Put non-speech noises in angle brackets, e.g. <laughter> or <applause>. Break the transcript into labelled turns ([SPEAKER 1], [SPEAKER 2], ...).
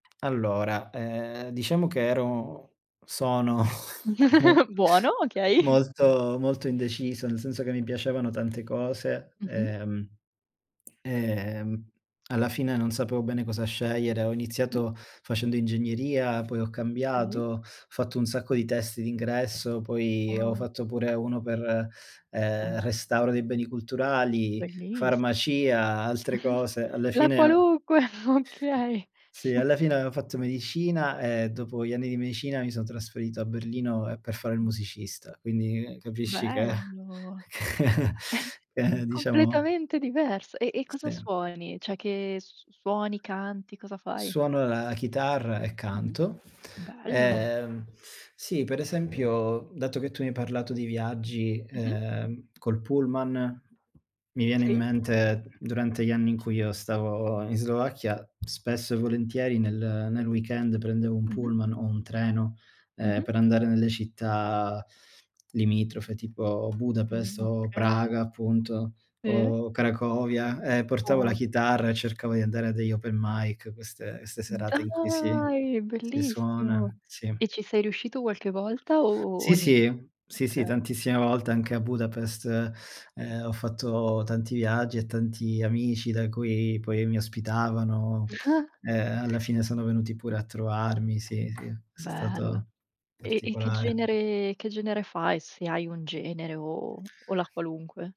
[SPEAKER 1] Allora ehm, diciamo che ero sono <chuckles> mo
[SPEAKER 2] <giggles> Buono, okay.
[SPEAKER 1] molto, molto indeciso, nel senso che mi piacevano tante cose,
[SPEAKER 2] Mh-mh.
[SPEAKER 1] ehm ehm, alla fine non sapevo bene cosa scegliere. Ho
[SPEAKER 2] Mh.
[SPEAKER 1] iniziato facendo ingegneria, poi ho cambiato,
[SPEAKER 2] Okay.
[SPEAKER 1] ho fatto un sacco di test d'ingresso, poi, ho
[SPEAKER 2] Wow.
[SPEAKER 1] fatto pure uno per ehm, restauro dei beni culturali,
[SPEAKER 2] Bellissimo.
[SPEAKER 1] farmacia, altre cose.
[SPEAKER 2] <chuckles>
[SPEAKER 1] Alla
[SPEAKER 2] La
[SPEAKER 1] fine ho
[SPEAKER 2] qualunque, <chuckles> okay.
[SPEAKER 1] Sì,
[SPEAKER 2] <snorts>
[SPEAKER 1] alla fine avevo fatto medicina e
[SPEAKER 2] Mh-mh.
[SPEAKER 1] dopo gli anni di medicina mi sono trasferito a Berlino ehm, per fare il
[SPEAKER 2] Mh-mh.
[SPEAKER 1] musicista. Quindi capisci che
[SPEAKER 2] Bello,
[SPEAKER 1] che <chuckles>
[SPEAKER 2] <chuckles>
[SPEAKER 1] che diciamo
[SPEAKER 2] completamente diverso. E e cosa
[SPEAKER 1] Sì.
[SPEAKER 2] suoni? Cioè che s s suoni, canti, cosa fai?
[SPEAKER 1] Suono la chitarra e
[SPEAKER 2] Mh-mh.
[SPEAKER 1] canto.
[SPEAKER 2] Bello.
[SPEAKER 1] Ehm sì, per esempio, dato che tu mi hai parlato di viaggi,
[SPEAKER 2] Mh-mh.
[SPEAKER 1] ehm, col pullman, mi viene
[SPEAKER 2] Sì.
[SPEAKER 1] in
[SPEAKER 2] Mh.
[SPEAKER 1] mente durante gli anni in cui io stavo in Slovacchia spesso e volentieri nel nel weekend prendevo un
[SPEAKER 2] Mh-mh.
[SPEAKER 1] pullman o un treno ehm,
[SPEAKER 2] Mh-mh.
[SPEAKER 1] per andare nelle città limitrofe tipo Budapest
[SPEAKER 2] Mhmm,
[SPEAKER 1] o
[SPEAKER 2] okay.
[SPEAKER 1] Praga appunto
[SPEAKER 2] Sì.
[SPEAKER 1] o Cracovia e portavo la
[SPEAKER 2] Può
[SPEAKER 1] chitarra e cercavo di andare a degli Open Mic, queste queste serate in cui si
[SPEAKER 2] Dai,
[SPEAKER 1] si
[SPEAKER 2] bellissimo.
[SPEAKER 1] suona, sì.
[SPEAKER 2] E ci sei riuscito qualche volta o
[SPEAKER 1] Sì,
[SPEAKER 2] ni?
[SPEAKER 1] sì. Sì, sì
[SPEAKER 2] Okay.
[SPEAKER 1] tantissime volte anche a Budapest ehm, ho fatto tanti viaggi e tanti amici da cui poi mi ospitavano,
[SPEAKER 2] <chuckles>
[SPEAKER 1] ehm, alla fine sono venuti pure a trovarmi. Sì, sì, è
[SPEAKER 2] Bello.
[SPEAKER 1] stato
[SPEAKER 2] E e che
[SPEAKER 1] particolare.
[SPEAKER 2] genere che genere fai se hai un genere o o la qualunque?